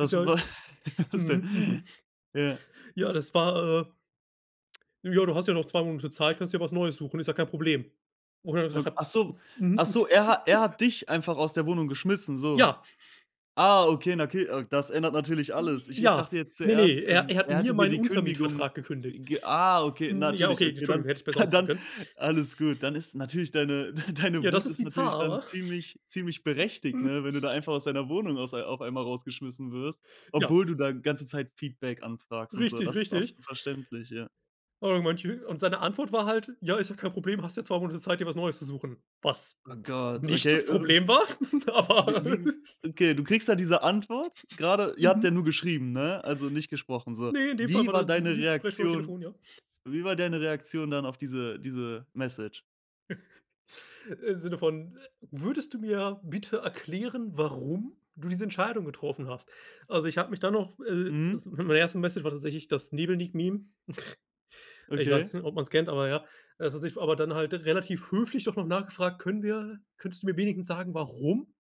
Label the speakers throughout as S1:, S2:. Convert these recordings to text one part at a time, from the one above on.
S1: Ist ja
S2: wa
S1: Mhm, mhm.
S2: Ja.
S1: Ja, das war, äh Ja, du hast ja noch 2 Monate Zeit, kannst dir was Neues suchen, ist ja kein Problem. Wo ich dann nur gesagt
S2: Ok
S1: hab:
S2: Ach so
S1: „Mhm.“
S2: ach so, er hat er hat dich einfach aus der Wohnung geschmissen, so.
S1: Ja.
S2: Ah, okay, na, okay, das ändert natürlich alles. Ich ich
S1: Ja,
S2: dachte jetzt
S1: ne, ne,
S2: zuerst,
S1: er
S2: ähm,
S1: er hat
S2: er
S1: mir
S2: hatte dir
S1: meinen
S2: die Kündigung
S1: Untermietvertrag gekündigt.
S2: ge Ah, okay,
S1: Hm, ja,
S2: natürlich,
S1: okay,
S2: okay, dann
S1: Entschuldigung, hätte ich besser ausdrücken
S2: dann
S1: können.
S2: alles gut. Dann ist natürlich deine deine
S1: Ja, das
S2: Wut
S1: ist
S2: ist natürlich
S1: bizarr,
S2: dann
S1: wa?
S2: ziemlich ziemlich berechtigt, ne? Wenn du da einfach aus deiner Wohnung aus auf einmal rausgeschmissen wirst,
S1: Ja.
S2: obwohl du da ganze Zeit Feedback anfragst und so.
S1: Richtig,
S2: Das ist
S1: richtig.
S2: absolut verständlich, ja.
S1: Aber manche und seine Antwort war halt: „Ja, ist doch kein Problem, hast ja 2 Monate Zeit, dir was Neues zu suchen.“ Was
S2: Oh Gott,
S1: nicht
S2: okay,
S1: das
S2: äh un
S1: Problem war,
S2: Wie
S1: aber
S2: wie Okay, du kriegst da diese Antwort gerade, ihr habt
S1: Mhm.
S2: ja nur geschrieben, ne? Also nicht gesprochen, so.
S1: Ne, in dem Fall
S2: Wie war
S1: war dies
S2: deine
S1: dieses Gespräch über
S2: Reaktion?
S1: Telefon, ja.
S2: Wie war deine Reaktion dann auf diese diese Message?
S1: Im Sinne von: „Würdest du mir bitte erklären, warum du diese Entscheidung getroffen hast?“ Also, ich habe mich dann noch
S2: Mhm.
S1: also meine erste Message war tatsächlich das Nebelniek-Meme. Ich
S2: Okay.
S1: weiß nicht, ob man es kennt, aber ja. Das hat sich aber dann halt relativ höflich doch noch nachgefragt: „Können wir, könntest du mir wenigstens sagen, warum?“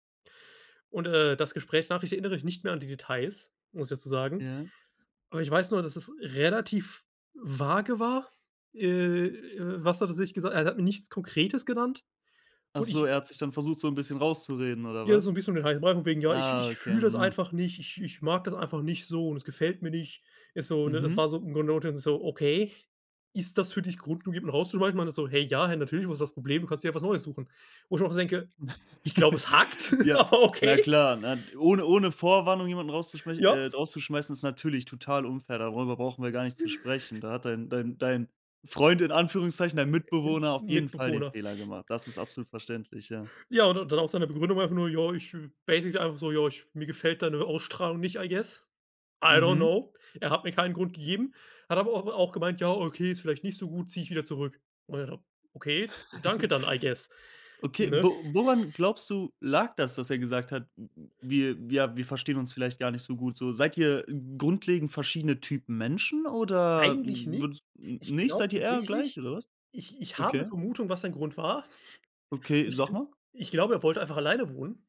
S1: Und, äh, das Gesprächnachricht erinnere ich nicht mehr an die Details, muss ich dazu sagen.
S2: Ja.
S1: Aber ich weiß nur, dass es relativ vage war. Äh, was hat er sich gesagt? Er hat mir nichts Konkretes genannt
S2: Ach
S1: und
S2: so,
S1: ich
S2: er hat sich dann versucht, so 'n bisschen rauszureden oder
S1: Ja, so ein
S2: was?
S1: bisschen um den heißen Brei von wegen: „Ja, ich
S2: Ah,
S1: ich
S2: okay,
S1: fühle das
S2: mhm.
S1: einfach nicht, ich ich mag das einfach nicht so und es gefällt mir nicht.“ Ist so, ne? Das
S2: Mhm.
S1: war so [unintelligible] okay, ist das für dich Grund genug, um herauszuschmeißen? Meine ich so: „Hey, ja, hey, natürlich, wo ist das Problem? Du kannst dir ja was Neues suchen.“ Wo ich auch so denke: „Ich glaube, es hackt
S2: Ja,
S1: aber
S2: na
S1: okay.“
S2: klar, ne, ohne ohne Vorwarnung jemanden rauszuschmeiß äh,
S1: Ja.
S2: rauszuschmeißen, ist natürlich total unfair, darüber brauchen wir gar nicht zu sprechen. Da hat dein dein dein „Freund“ in Anführungszeichen, dein Mitbewohner auf jeden Fall den
S1: Mitbewohner.
S2: Fehler gemacht. Das ist absolut verständlich, ja.
S1: Ja, und dann auch seine Begründung einfach nur, ja, ich basically einfach so: „Ja, ich mir gefällt deine Ausstrahlung nicht" I guess I don't
S2: Mhm.
S1: know. Er hat mir keinen Grund gegeben, hat aber au auch gemeint: „Ja, okay, ist vielleicht nicht so gut, zieh ich wieder zurück.“ Und w „Okay, danke dann, I guess.“
S2: Okay,
S1: Ne?
S2: wo woran glaubst du lag das, dass er gesagt hat: „Hm, wir wir wir verstehen uns vielleicht gar nicht so gut, so“? Seid ihr grundlegend verschiedene Typen Menschen oder,
S1: Eigentlich
S2: hm,
S1: nicht.
S2: würdest
S1: Ich
S2: Nicht?
S1: glaube
S2: Seid ihr eher gleich
S1: tatsächlich,
S2: oder was?
S1: ich ich habe 'ne
S2: Okay.
S1: Vermutung, was sein Grund war.
S2: Okay, sag mal
S1: Ich glaube, er wollte einfach alleine wohnen.